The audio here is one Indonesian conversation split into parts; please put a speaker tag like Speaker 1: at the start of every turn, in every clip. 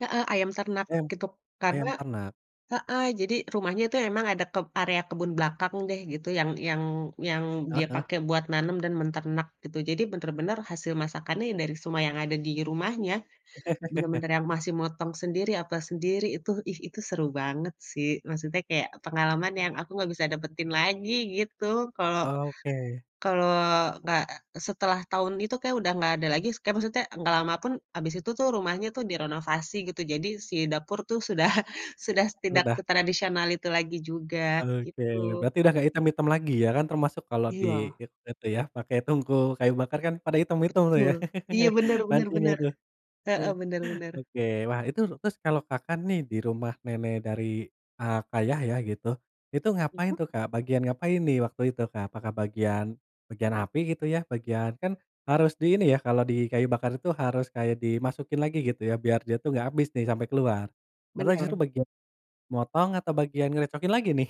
Speaker 1: Heeh, ayam ternak,
Speaker 2: Ayam.
Speaker 1: gitu.
Speaker 2: Ayam
Speaker 1: Karena,
Speaker 2: ternak.
Speaker 1: heeh jadi rumahnya itu emang ada keb area kebun belakang deh, gitu, yang yang yang
Speaker 2: Heeh
Speaker 1: dia
Speaker 2: heeh.
Speaker 1: pakai buat nanam dan menternak, gitu. Jadi bener-bener hasil masakannya ya, dari semua yang ada di rumahnya. Bener-bener yang masih motong sendiri, apa sendiri, itu ih, itu seru banget sih. Maksudnya kayak pengalaman yang aku nggak bisa dapetin lagi, gitu. Kalau
Speaker 2: Oke.
Speaker 1: kalau nggak setelah tahun itu kayak udah nggak ada lagi, kan maksudnya nggak lama pun, abis itu tuh, rumahnya tuh direnovasi gitu, jadi si dapur tuh sudah sudah tidak
Speaker 2: Udah.
Speaker 1: setradisional itu lagi juga,
Speaker 2: Oke.
Speaker 1: gitu.
Speaker 2: Berarti udah nggak hitam-hitam lagi ya kan? Termasuk kalau di
Speaker 1: Iya.
Speaker 2: it itu ya, pakai tungku kayu bakar kan pada hitam-hitam tuh, ya.
Speaker 1: Betul, iya benar benar
Speaker 2: Pancinya,
Speaker 1: benar.
Speaker 2: tuh.
Speaker 1: Heeh, bener bener.
Speaker 2: Oke, wah itu terus kalau Kakak nih, di rumah nenek dari, eee, ayah ya gitu, itu ngapain tuh, Kak? Bagian ngapain nih, waktu itu, Kak? Apakah bagian bagian api, gitu ya? Bagian kan harus di ini ya, kalau di kayu bakar itu harus kayak dimasukin lagi gitu ya, biar dia tuh nggak habis nih, sampai keluar. Atau justru
Speaker 1: Bener.
Speaker 2: bagian motong? Atau bagian ngerecokin lagi nih?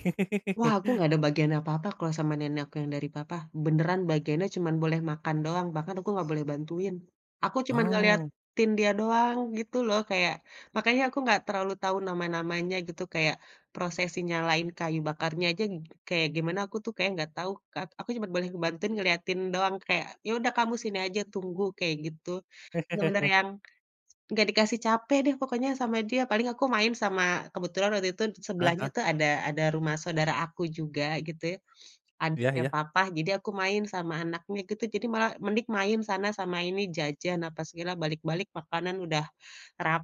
Speaker 1: Wah, aku nggak ada bagian apa-apa kalau sama nenek aku yang dari papa. Beneran bagiannya cuman boleh makan doang, bahkan aku nggak boleh bantuin. Aku cuma
Speaker 2: Oh.
Speaker 1: ngeliatin dia doang, gitu loh. Kayak, makanya aku nggak terlalu tahu nama-namanya, gitu. Kayak prosesi nyalain kayu bakarnya aja kayak gimana, aku tuh kayak nggak tahu, Kak. Aku cuma boleh ngebantuin ngelihatin doang, kayak, "Yaudah kamu sini aja, tunggu!", kayak gitu. Bener-bener yang nggak dikasih capek deh pokoknya sama dia. Paling aku main sama kebetulan waktu itu
Speaker 2: Heeh
Speaker 1: sebelahnya
Speaker 2: heeh.
Speaker 1: tuh ada ada rumah saudara aku juga, gitu ya.
Speaker 2: Iya
Speaker 1: Adiknya
Speaker 2: iya.
Speaker 1: papa, jadi aku main sama anaknya gitu, jadi malah, "Mending main sana, sama ini, jajan, apa segala". Balik-balik makanan udah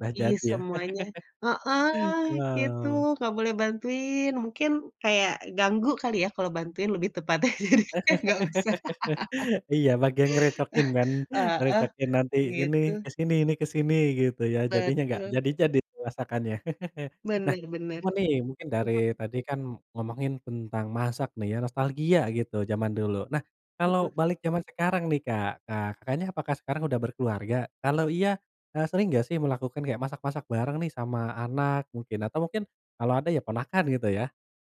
Speaker 2: Sudah jadi, ya.
Speaker 1: semuanya. Heeh,
Speaker 2: Wow.
Speaker 1: gitu. Nggak boleh bantuin, mungkin kayak ganggu kali ya, kalau bantuin lebih tepatnya, jadinya nggak usah.
Speaker 2: Iya, bagian ngerecokin kan.
Speaker 1: Heeh.
Speaker 2: Ngerecokin nanti ini
Speaker 1: Gitu.
Speaker 2: ke sini, ini ke sini, gitu ya, jadinya nggak
Speaker 1: Betul.
Speaker 2: jadi-jadi masakannya. Nah,
Speaker 1: Bener bener.
Speaker 2: cuman nih, mungkin dari
Speaker 1: [unintelligible]
Speaker 2: tadi kan ngomongin tentang masak nih ya, nostalgia gitu jaman dulu. Nah, kalau
Speaker 1: Hmm.
Speaker 2: balik jaman sekarang nih, Kak, nah, Kakaknya apakah sekarang udah berkeluarga? Kalau iya, eee, sering nggak sih melakukan kayak masak-masak bareng nih sama anak, mungkin. Atau mungkin kalau ada ya ponakan, gitu ya?